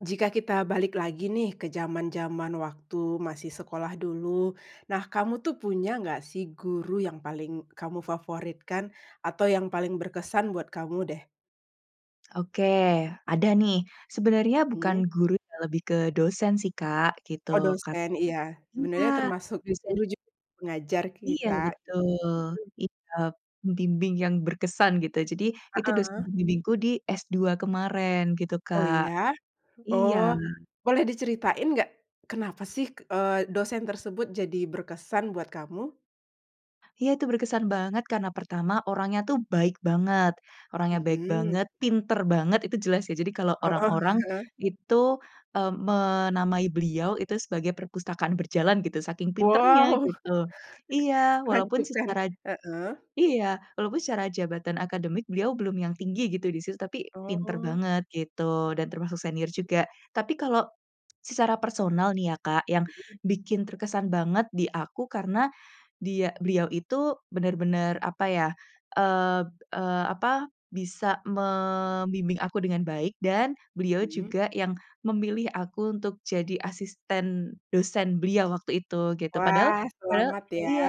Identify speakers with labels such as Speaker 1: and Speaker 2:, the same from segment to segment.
Speaker 1: Jika kita balik lagi nih ke zaman-zaman waktu masih sekolah dulu. Nah, kamu tuh punya gak sih guru yang paling kamu favoritkan? Atau yang paling berkesan buat kamu deh?
Speaker 2: Oke, ada nih, sebenarnya bukan
Speaker 1: Mmm.
Speaker 2: guru ya lebih ke dosen sih, Kak, gitu
Speaker 1: Oh, dospem, iya,
Speaker 2: karena iya,
Speaker 1: sebenernya termasuk
Speaker 2: dosen
Speaker 1: guru juga pengajar
Speaker 2: Iya,
Speaker 1: kita,
Speaker 2: betul,
Speaker 1: mhm.
Speaker 2: iya, membimbing yang berkesan gitu jadi itu dosen
Speaker 1: Heeh.
Speaker 2: pembimbingku di S2 kemarin gitu,
Speaker 1: Oh,
Speaker 2: Kak,
Speaker 1: iya?
Speaker 2: iya.
Speaker 1: Oh, boleh diceritain gak? Kenapa sih, eee, dosen tersebut jadi berkesan buat kamu?
Speaker 2: Iya, itu berkesan banget karena pertama, orangnya tuh baik banget orangnya baik
Speaker 1: Mmm.
Speaker 2: banget, pinter banget itu jelas ya. Jadi kalau
Speaker 1: Heeh
Speaker 2: orang-orang
Speaker 1: heeh.
Speaker 2: itu, eee, menamai beliau itu sebagai perpustakaan berjalan gitu saking pintarnya
Speaker 1: Wow.
Speaker 2: gitu. Iya, walaupun
Speaker 1: Menakjubkan,
Speaker 2: secara
Speaker 1: heeh.
Speaker 2: iya, walaupun secara jabatan akademik beliau belum yang tinggi gitu di situ, tapi pinter
Speaker 1: Oh.
Speaker 2: banget gitu dan termasuk senior juga. Tapi kalau secara personal nih ya, Kak, yang bikin terkesan banget di aku karena dia beliau itu benar-benar apa ya, eee eee, apa, bisa membimbing aku dengan baik dan beliau
Speaker 1: Mmm.
Speaker 2: juga yang memilih aku untuk jadi asisten dosen beliau waktu itu gitu, padahal
Speaker 1: Wah,
Speaker 2: padahal
Speaker 1: selamat ya,
Speaker 2: iya.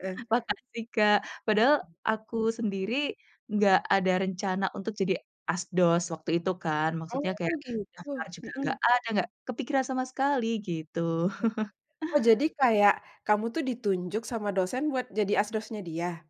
Speaker 1: heeh.
Speaker 2: Makasih, Kak. Padahal aku sendiri enggak ada rencana untuk jadi asdos waktu itu kan
Speaker 1: Oh,
Speaker 2: maksudnya kayak, daftar
Speaker 1: gitu,
Speaker 2: juga enggak
Speaker 1: mhm.
Speaker 2: ada, enggak kepikiran sama sekali gitu.
Speaker 1: Heeh. Oh, jadi kayak kamu tuh ditunjuk sama dosen buat jadi asdosnya dia?